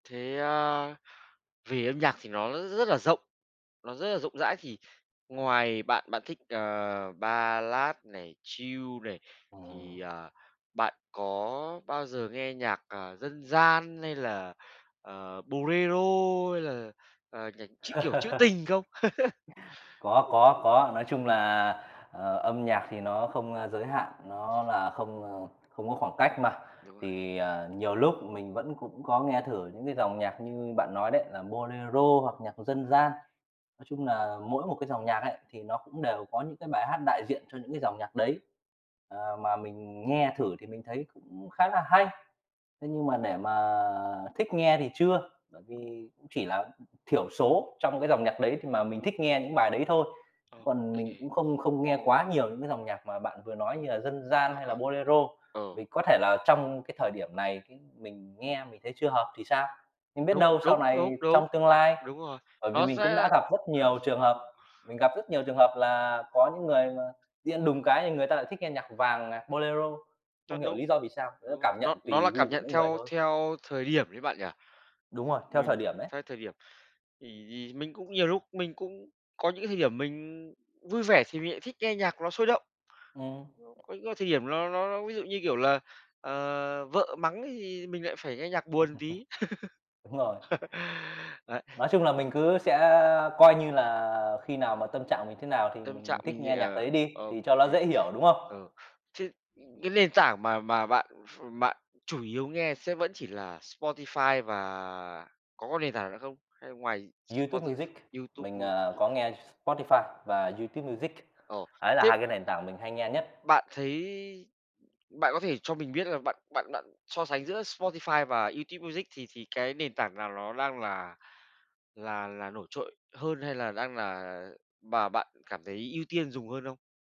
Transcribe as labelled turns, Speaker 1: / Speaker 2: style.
Speaker 1: Thế, a, vì âm nhạc thì nó r rất là rộng, nó rất là rộng rãi thì ngoài bạn bạn thích, ờ, ballad này, chill này,
Speaker 2: Ờ.
Speaker 1: thì, à, bạn có bao giờ nghe nhạc, à, dân gian hay là, ờ, bolero hay là, à, nhạc trữ, kiểu, trữ tình không?
Speaker 2: Có, có, có. Nói chung là, ờ, âm nhạc thì nó không, a, giới hạn, nó là không, ờ, không có khoảng cách mà.
Speaker 1: Đúng rồi.
Speaker 2: Thì, à, nhiều lúc mình vẫn cũng có nghe thử những cái dòng nhạc như bạn nói đấy, là bolero hoặc nhạc dân gian. Nói chung nà mỗi một cái dòng nhạc ấy thì nó cũng đều có những cái bài hát đại diện cho những cái dòng nhạc đấy. Ờ, mà mình nghe thử thì mình thấy cũng khá là hay. Thế nhưng mà để mà thích nghe thì chưa, bởi vì cũng chỉ là thiểu số trong cái dòng nhạc đấy thì mà mình thích nghe những bài đấy thôi.
Speaker 1: Ô
Speaker 2: Còn mình
Speaker 1: kê.
Speaker 2: cũng không không nghe quá nhiều những cái dòng nhạc mà bạn vừa nói như là dân gian
Speaker 1: Ờ,
Speaker 2: hay là
Speaker 1: ờ.
Speaker 2: bolero,
Speaker 1: Ừ.
Speaker 2: vì có thể là trong cái thời điểm này, cái, mình nghe mình thấy chưa hợp thì sao? Nhưng biết
Speaker 1: Đúng,
Speaker 2: đâu sau
Speaker 1: đúng, đúng,
Speaker 2: này
Speaker 1: đúng.
Speaker 2: trong tương lai,
Speaker 1: Đúng rồi,
Speaker 2: bởi vì
Speaker 1: nó
Speaker 2: mình cũng
Speaker 1: sẽ
Speaker 2: đã gặp rất nhiều
Speaker 1: ờ.
Speaker 2: trường hợp, mình gặp rất nhiều trường hợp là có những người mà nhiên đùng cái thì người ta lại thích nghe nhạc vàng, à, bolero, không
Speaker 1: Rất
Speaker 2: hiểu
Speaker 1: đúng.
Speaker 2: lý do vì sao. [unintelligible]
Speaker 1: Đúng rồi,
Speaker 2: cảm
Speaker 1: nó
Speaker 2: nhận
Speaker 1: nó là
Speaker 2: tùy
Speaker 1: cảm
Speaker 2: gu của
Speaker 1: nhận
Speaker 2: mỗi người
Speaker 1: theo
Speaker 2: thôi.
Speaker 1: theo thời điểm ấy bạn nhỉ?
Speaker 2: Đúng rồi, theo thời
Speaker 1: Mình
Speaker 2: điểm đấy.
Speaker 1: sai thời điểm thì thì mình cũng nhiều lúc mình cũng có những cái thời điểm mình vui vẻ thì mình lại thích nghe nhạc nó sôi động.
Speaker 2: Ừm.
Speaker 1: [unintelligible] Có những thời điểm ló nó nó ví dụ như, kiểu là, ờ, vợ mắng ấy thì mình lại phải nghe nhạc buồn tí.
Speaker 2: Đúng rồi.
Speaker 1: Ấy.
Speaker 2: Nói chung là mình cứ sẽ coi như là khi nào mà tâm trạng mình thế nào thì
Speaker 1: Tâm trạng
Speaker 2: mình thích
Speaker 1: mình thì
Speaker 2: nghe nhạc
Speaker 1: ờ,
Speaker 2: đấy đi
Speaker 1: ô
Speaker 2: thì cho nó
Speaker 1: kê.
Speaker 2: dễ hiểu, đúng không?
Speaker 1: Ừ. Thế, ừ, cái nền tảng mà mà bạn ph bạn chủ yếu nghe sẽ vẫn chỉ là Spotify và có cái nền tảng nữa không? Hay ngoài
Speaker 2: YouTube
Speaker 1: Spotif
Speaker 2: Music,
Speaker 1: YouTube,
Speaker 2: mình,
Speaker 1: ơ
Speaker 2: ờ, có nghe Spotify và YouTube Music.
Speaker 1: Ồ,
Speaker 2: Ấy là
Speaker 1: tiếp
Speaker 2: 2 cái nền tảng mình hay nghe nhất.
Speaker 1: Bạn thấy bạn có thể cho mình biết là bạn bạn bạn so sánh giữa Spotify và YouTube Music thì thì cái nền tảng nào ló đang là là là nổi trội hơn, hay là đang là và bạn cảm thấy ưu tiên dùng hơn không?